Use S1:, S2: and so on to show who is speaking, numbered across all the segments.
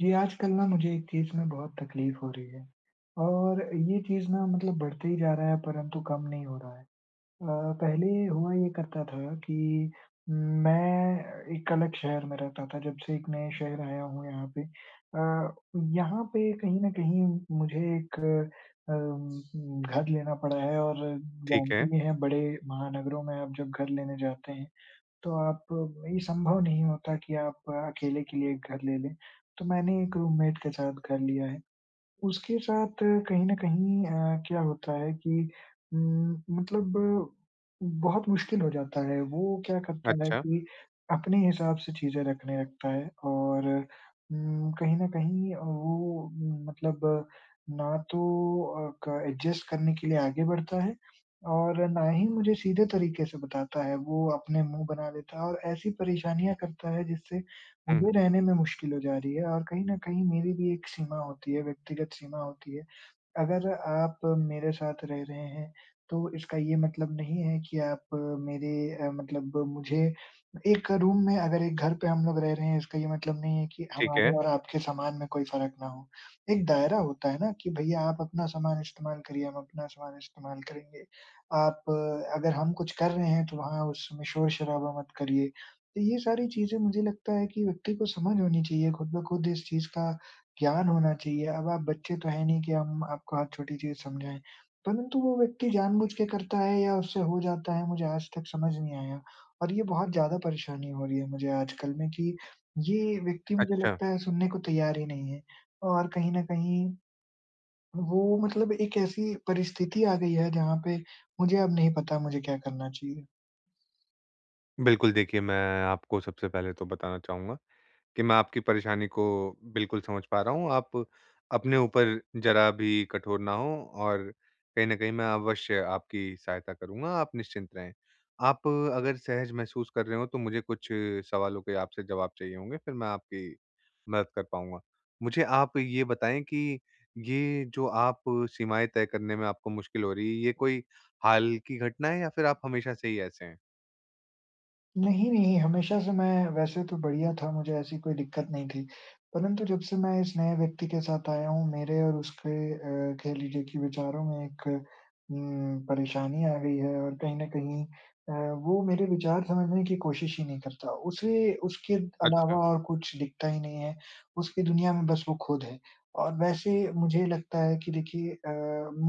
S1: जी, आजकल ना मुझे एक चीज़ में बहुत तकलीफ़ हो रही है, और ये चीज़ ना, मतलब बढ़ते ही जा रहा है, परंतु कम नहीं हो रहा है। अ, पहले ये हुआ ये करता था कि मैं एक अलग शहर में रहता था, जब से एक नए शहर आया हूँ, यहाँ पे अ, यहाँ पे कहीं न कहीं मुझे एक अम घर लेना पड़ा है और
S2: ठीक
S1: जानते
S2: है।
S1: भी हैं, बड़े महानगरों में आप जब घर लेने जाते हैं, तो आप ये संभव नहीं होता कि आप अकेले के लिए एक घर ले लें। तो मैंने एक रूममेट के साथ घर लिया है। उसके साथ कहीं न कहीं अ, क्या होता है कि उम, मतलब बहुत मुश्किल हो जाता है। वो क्या करता है
S2: अच्छा।
S1: कि अपने हिसाब से चीज़ें रखने लगता है और उम, कहीं न कहीं अ, वो मतलब ना तो अ, क एडजस्ट करने के लिए आगे बढ़ता है और ना ही मुझे सीधे तरीके से बताता है। वो अपने मुँह बना लेता है और ऐसी परेशानियाँ करता है, जिससे
S2: हुँ, हुँ।
S1: मुझे रहने में मुश्किल हो जा रही है और कहीं न कहीं मेरी भी एक सीमा होती है, व्यक्तिगत सीमा होती है। अगर आप मेरे साथ रह रहे हैं, तो इसका ये मतलब नहीं है कि आप मेरे अ, मतलब मुझे एक रूम में अगर एक घर पे हम लोग रह रहे हैं, इसका ये मतलब नहीं है कि एक
S2: ठीक
S1: हमारे
S2: है।
S1: और आपके सामान में कोई फ़र्क ना हो। एक दायरा होता है ना? कि भैया, आप अपना सामान इस्तेमाल करिए, हम अपना सामान इस्तेमाल करेंगे। आप अगर हम कुछ कर रहे हैं, तो वहाँ उस समय शोर-शराबा मत करिए। तो ये सारी चीज़ें, मुझे लगता है कि व्यक्ति को समझ होनी चाहिए, खुद ब खुद इस चीज़ का ज्ञान होना चाहिए, अब आप बच्चे तो हैं नहीं कि हम आपको हर छोटी चीज़ समझाएँ। परंतु वो व्यक्ति जानबूझ के करता है या उससे हो जाता है, मुझे आज तक समझ नहीं आया और ये बहुत ज़्यादा परेशानी हो रही है मुझे आज कल में कि ये व्यक्ति, मुझे
S2: अच्छा।
S1: लगता है, सुनने को तैयार ही नहीं है और कहीं न कहीं, वो मतलब एक ऐसी परिस्थिति आ गयी है, जहाँ पे मुझे अब नहीं पता, मुझे क्या करना चाहिए।
S2: बिल्कुल, देखिए, मैं आपको सबसे पहले तो बताना चाहूँगा कि मैं आपकी परेशानी को, बिल्कुल समझ पा रहा हूँ। आप अपने ऊपर ज़रा भी कठोर ना हों, और कहीं न कहीं मैं अवश्य आपकी सहायता करूँगा, आप निश्चिंत रहें। आप अगर सहज महसूस कर रहे हों, तो मुझे कुछ सवालों के आपसे जवाब चाहिए होंगे, फिर मैं आपकी मदद कर पाऊँगा। मुझे आप ये बताएँ कि ये जो आप सीमाएँ तय करने में आपको मुश्किल हो रही है, ये कोई हाल की घटना है या फिर आप हमेशा से ही ऐसे हैं?
S1: नहीं, नहीं। हमेशा से मैं वैसे तो बढ़िया था, मुझे ऐसी कोई दिक्कत नहीं थी। परंतु जब से मैं इस नए व्यक्ति के साथ आया हूँ, मेरे और उसके अ, कह लीजिए कि विचारों में एक उम, परेशानी आ गई है, और कहीं न कहीं अ, वो मेरे विचार समझने की कोशिश ही नहीं करता। उसे उसके अलावा
S2: अच्छा।
S1: और कुछ दिखता ही नहीं है, उसकी दुनिया में बस वो खुद है। और वैसे मुझे लगता है कि देखिए अ,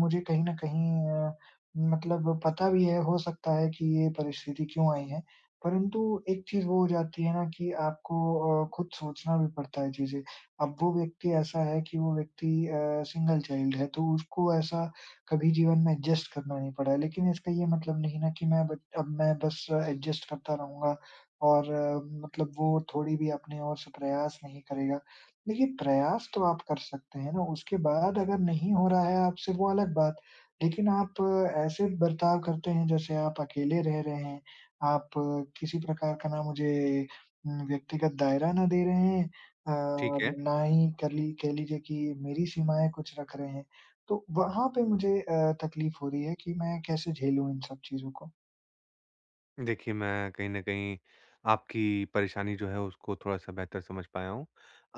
S1: मुझे कहीं न कहीं अ, मतलब पता भी है, हो सकता है कि ये परिस्थिति क्यों आई है, परंतु एक चीज़ वो हो जाती है ना कि आपको अ, खुद सोचना भी पड़ता है चीज़ें। अब वो व्यक्ति ऐसा है कि वो व्यक्ति अ, सिंगल चाइल्ड है, तो उसको ऐसा कभी जीवन में एडजस्ट करना नहीं पड़ा है। लेकिन इसका ये मतलब नहीं है ना। कि मैं अब अब मैं बस एडजस्ट करता रहुँगा, और मतलब वो थोड़ी भी अपने ओर से प्रयास नहीं करेगा। देखिए, प्रयास तो आप कर सकते हैं ना, उसके बाद अगर नहीं हो रहा है आपसे, वो अलग बात। लेकिन आप ऐसे बर्ताव करते हैं जैसे आप अकेले रह रहे हैं, आप किसी प्रकार का ना मुझे उम, व्यक्तिगत दायरा ना दे रहे हैं अ,
S2: ठीक
S1: और
S2: है।
S1: ना ही कर ली कह लीजिए कि मेरी सीमाएँ कुछ रख रहे हैं। तो वहाँ पे मुझे अ, तक़लीफ़ हो रही है कि मैं कैसे झेलूँ इन सब चीज़ों को।
S2: देखिए मैं कहीं न कहीं आपकी परेशानी जो है उसको थोड़ा-सा बेहतर समझ पाया हूँ।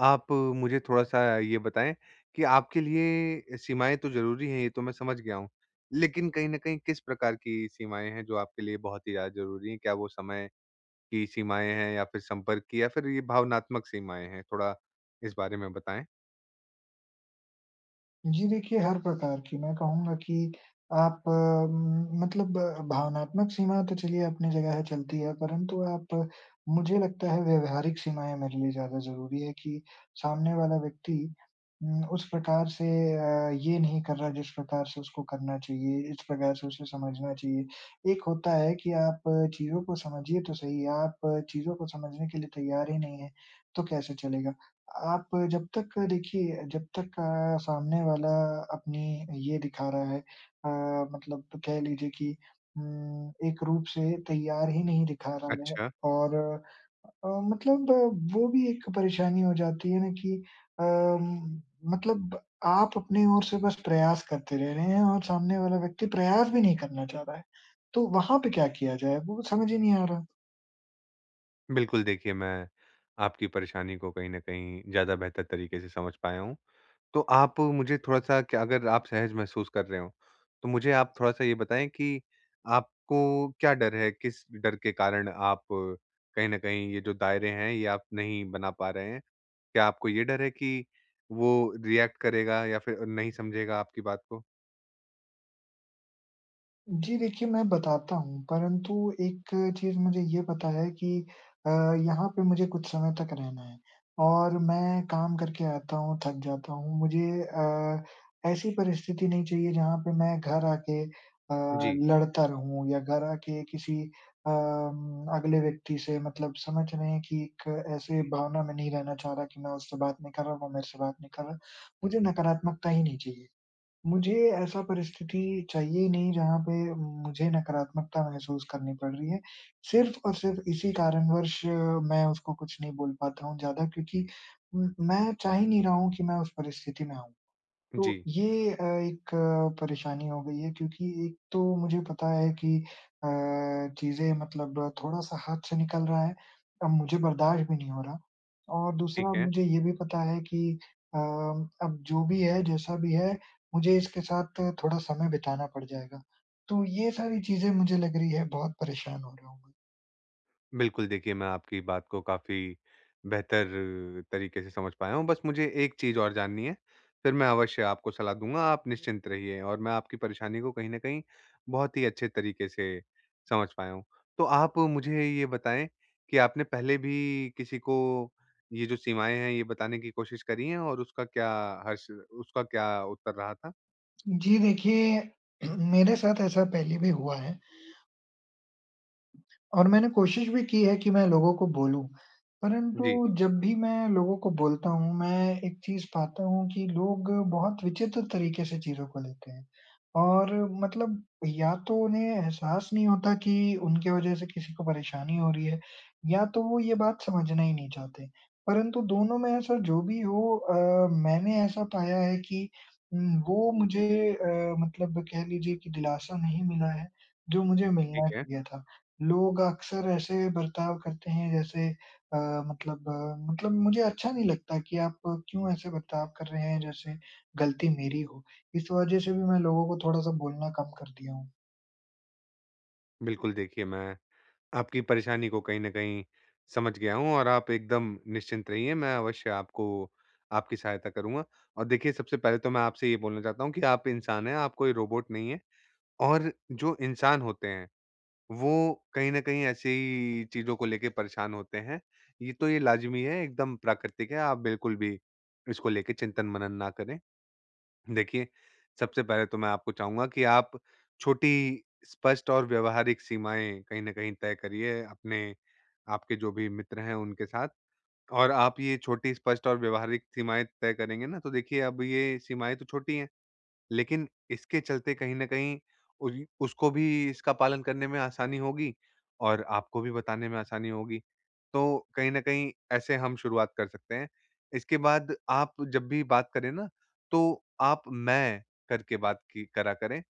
S2: आप मुझे थोड़ा-सा ये बताएँ कि आपके लिए सीमाएँ तो ज़रूरी हैं, ये तो मैं समझ गया हूँ। लेकिन कहीं न कहीं किस प्रकार की सीमाएँ हैं जो आपके लिए बहुत ही ज़्यादा ज़रूरी है? क्या वो समय की सीमाएँ हैं? या फिर संपर्क की? या फिर ये भावनात्मक सीमाएँ हैं? थोड़ा इस बारे में बताएँ।
S1: जी। देखिए, हर प्रकार की। मैं कहूँगा कि आप उम, मतलब भावनात्मक सीमा तो चलिए अपनी जगह है चलती है। परंतु आप मुझे लगता है व्यवहारिक सीमाएँ मेरे लिए ज़्यादा ज़रूरी हैं कि सामने वाला व्यक्ति उम, उस प्रकार से अ, ये नहीं कर रहा है जिस प्रकार से उसको करना चाहिए, इस प्रकार से उसे समझना चाहिए। एक होता है कि आप चीज़ों को समझिए तो सही है। आप चीज़ों को समझने के लिए तैयार ही नहीं है, तो कैसे चलेगा? आप जब तक देखिए जब तक अ, सामने वाला अपनी ये दिखा रहा है अ, मतलब कह लीजिए कि उम, एक रूप से तैयार ही नहीं दिखा रहा है।
S2: अच्छा।
S1: और अ, मतलब वो वो भी एक परेशानी हो जाती है न कि अम मतलब आप अपनी ओर से बस प्रयास करते रह रहे हैं और सामने वाला व्यक्ति प्रयास भी नहीं करना चाह रहा है। तो वहाँ पे क्या किया जाए? वो समझ ही नहीं आ रहा।
S2: बिल्कुल, देखिए मैं आपकी परेशानी को कहीं न कहीं ज़्यादा बेहतर तरीके से समझ पाया हूँ। तो आप मुझे थोड़ा-सा क्या अगर आप सहज महसूस कर रहे हों, तो मुझे आप थोड़ा-सा ये बताएँ कि आपको क्या डर है, किस डर के कारण आप कहीं न कहीं ये जो दायरे हैं, ये आप नहीं बना पा रहे हैं? क्या आपको ये डर है कि वो रिएक्ट करेगा या फिर अ, नहीं समझेगा आपकी बात को?
S1: जी। देखिए, मैं बताता हूँ, परंतु एक चीज़ मुझे ये पता है कि अ, यहाँ पे मुझे कुछ समय तक रहना है। और मैं काम करके आता हूँ, थक जाता हूँ। मुझे अ, ऐसी परिस्थिति नहीं चाहिए जहाँ पे मैं घर आके अ,
S2: जी।
S1: लड़ता रहूँ, या घर आके किसी अम अगले व्यक्ति से मतलब समझ रहे हैं कि एक ऐसे भावना में नहीं रहना चाह रहा कि मैं उससे बात नहीं कर रहा, वो मेरे से बात नहीं कर रहा। मुझे नकारात्मकता ही नहीं चाहिए। मुझे ऐसा परिस्थिति चाहिए ही नहीं जहाँ पे मुझे नकारात्मकता महसूस करनी पड़ रही है। सिर्फ़ और सिर्फ़ इसी कारणवश मैं उसको कुछ नहीं बोल पाता हूँ ज़्यादा क्योंकि उ मैं चाह ही नहीं रहा हूँ कि मैं उस परिस्थिति में आऊँ। तो
S2: जी।
S1: ये अ, एक परेशानी हो गई है क्योंकि एक तो मुझे पता है कि अ, चीज़ें मतलब थोड़ा-सा हाथ से निकल रहा है, अब मुझे बर्दाश्त भी नहीं हो रहा। और दूसरा,
S2: ठीक है।
S1: मुझे ये भी पता है कि अ, अब जो भी है, जैसा भी है, मुझे इसके साथ थोड़ा समय बिताना पड़ जाएगा। तो ये सारी चीज़ें मुझे लग रही है, बहुत परेशान हो गया हूँ मैं।
S2: बिल्कुल देखिए मैं आपकी बात को काफ़ी बेहतर, तरीके से समझ पाया हूँ। बस मुझे एक चीज़ और जाननी है, फिर मैं अवश्य आपको सलाह दूँगा, आप निश्चिंत रहिए और मैं आपकी परेशानी को कहीं न कहीं बहुत ही अच्छे तरीके से समझ पाया हूँ। तो आप मुझे ये बताएँ कि आपने पहले भी किसी को ये जो सीमाएँ हैं ये बताने की कोशिश करी हैं और उसका क्या हश्र उसका क्या उत्तर रहा था?
S1: जी। देखिए, मेरे साथ ऐसा पहले भी हुआ है। और मैंने कोशिश भी की है कि मैं लोगों को बोलूँ परंतु
S2: जी।
S1: जब भी मैं लोगों को बोलता हूँ, मैं एक चीज़ पाता हूँ कि लोग बहुत विचित्र तरीके से चीज़ों को लेते हैं। और मतलब या तो उन्हें एहसास नहीं होता कि उनके वज़ह से किसी को परेशानी हो रही है या तो वो ये बात समझना ही नहीं चाहते। परंतु दोनों में ऐसा जो भी हो अ, मैंने ऐसा पाया है कि उम, वो मुझे अ, मतलब कह लीजिए कि दिलासा नहीं मिला है जो मुझे
S2: ठीक
S1: मिलना
S2: है।
S1: चाहिए था। लोग अक्सर ऐसे बर्ताव करते हैं जैसे अ, मतलब अ, मतलब मुझे अच्छा नहीं लगता कि आप क्यों ऐसे बर्ताव कर रहे हैं जैसे गलती मेरी हो? इस वज़ह से भी मैं लोगों को थोड़ा-सा बोलना कम कर दिया हूँ।
S2: बिल्कुल देखिए मैं आपकी परेशानी को कहीं न कहीं, समझ गया हूँ और आप एकदम निश्चिंत रहिए मैं अवश्य आपको आपकी सहायता करूँगा। और देखिए सबसे पहले तो मैं आपसे ये बोलना चाहता हूँ कि आप इंसान हैं, आप कोई रोबोट नहीं हैं। और जो इंसान होते हैं, वो कहीं न कहीं ऐसी ही चीज़ को लेके परेशान होते हैं। ये तो ये लाजमी है, एकदम प्राकृतिक है। आप बिल्कुल भी इसको लेके चिंतन मनन ना करें। देखिए, सबसे पहले तो मैं आपको चाहूँगा कि आप छोटी स्पष्ट और व्यावहारिक सीमाएँ कहीं न कहीं तय करिए, अपने आपके जो भी मित्र हैं उनके साथ। और आप ये छोटी स्पष्ट और व्यावहारिक सीमाएँ तय करेंगे ना, तो देखिए अब ये सीमाएँ तो छोटी हैं। लेकिन इसके चलते कहीं न कहीं उ उसको भी इसका पालन करने में आसानी होगी और आपको भी बताने में आसानी होगी। तो कहीं न कहीं ऐसे हम शुरुआत कर सकते हैं। इसके बाद आप जब भी बात करें ना तो आप, मैं के बात कि करा करें,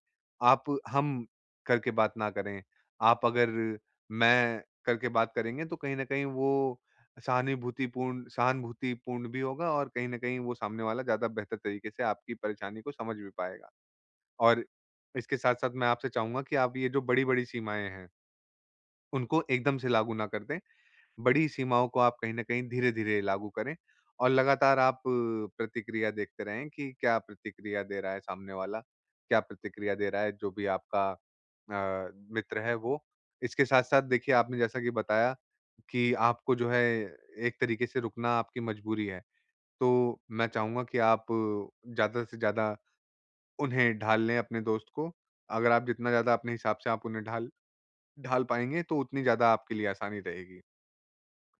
S2: आप हम करके बात ना करें। आप अगर मैं करके बात करेंगे तो कहीं न कहीं वो सहानिभूतिपूर्ण सहानुभूतिपूर्ण भी होगा और कहीं न कहीं वो सामने वाला ज़्यादा बेहतर तरीक़े से आपकी परेशानी को समझ भी पाएगा। और इसके साथ-साथ मैं आपसे चाहूँगा कि आप ये जो बड़ी-बड़ी सीमाएँ हैं। उनको एकदम से लागू ना कर दें। बड़ी सीमाओं को आप कहीं न कहीं धीरे-धीरे लागू करें और लगातार आप प्रतिक्रिया देखते रहें कि क्या प्रतिक्रिया दे रहा है सामने वाला, क्या प्रतिक्रिया दे रहा है जो भी आपका अ, मित्र है वो। इसके साथ-साथ देखिए आपने जैसा कि बताया कि आपको जो है एक तरीक़े से रुकना आपकी मजबूरी है। तो मैं चाहूँगा कि आप ज़्यादा से ज़्यादा उन्हें ढाल लें अपने दोस्त को, अगर आप जितना ज़्यादा अपने हिसाब से आप उन्हें ढाल ढाल पाएँगे तो उतनी ज़्यादा आपके लिए आसानी रहेगी।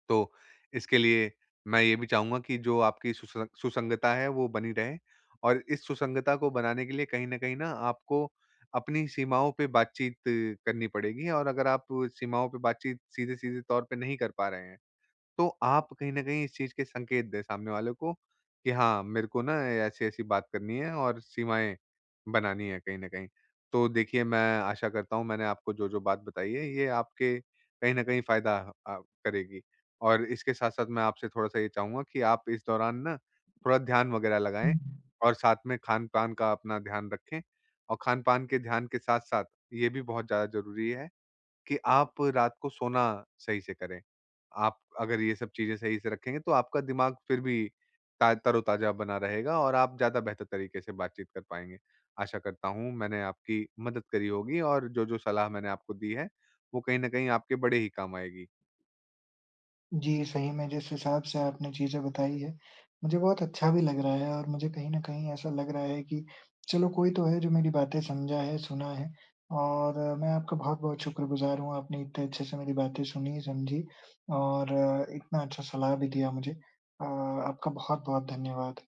S2: तो इसके लिए मैं ये भी चाहूँगा कि जो आपकी सुसं सुसंगता है वो बनी रहे। और इस सुसंगता को बनाने के लिए कहीं न कहीं न आपको अपनी सीमाओं पे बातचीत करनी पड़ेगी और अगर आप सीमाओं पर बातचीत सीधे-सीधे तौर पर नहीं कर पा रहे हैं, तो आप कहीं न कहीं इस चीज़ के संकेत दें सामने वाले को कि हाँ मेरे को ना अ, ऐसी-ऐसी बात करनी है और सीमाएँ बनानी है कहीं न कहीं। तो देखिए मैं आशा करता हूँ मैंने आपको जो-जो बात बताई है, ये आपके कहीं न कहीं फ़ायदा अ, करेगी। और इसके साथ-साथ मैं आपसे थोड़ा-सा ये चाहूँगा कि आप इस दौरान ना थोड़ा ध्यान वग़ैरह
S1: हुँ,
S2: लगाएँ
S1: हुँ।
S2: और साथ में खान-पान का अपना ध्यान रखें और खान-पान के ध्यान के साथ-साथ ये भी बहुत ज़्यादा ज़रूरी है कि आप रात को सोना सही से करें। आप अगर ये सब चीज़ें सही से रखेंगे तो आपका दिमाग फिर भी ता तरोताज़ा बना रहेगा और आप ज़्यादा बेहतर तरीक़े से बातचीत कर पाएँगे। आशा करता हूँ मैंने आपकी मदद करी होगी और जो-जो सलाह मैंने आपको दी है, वो कहीं न कहीं आपके बड़े ही काम आएगी।
S1: जी। सही में जिस हिसाब से आपने चीज़ें बताई हैं, मुझे बहुत अच्छा भी लग रहा है और मुझे कहीं न कहीं ऐसा लग रहा है कि चलो, कोई तो है जो मेरी बातें समझा है, सुना है। और मैं आपका बहुत-बहुत शुक्रगुज़ार हूँ, आपने इतने अच्छे से मेरी बातें सुनी, समझी और अ, इतना अच्छा सलाह भी दिया मुझे। अ, आपका बहुत-बहुत धन्यवाद।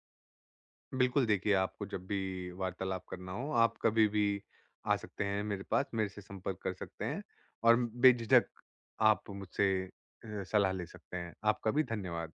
S2: बिल्कुल देखिए आपको जब भी वार्तालाप करना हो, आप कभी भी आ सकते हैं मेरे पास, मेरे से संपर्क कर सकते हैं। और बेझिझक आप मुझसे अ, सलाह ले सकते हैं। आपका भी धन्यवाद।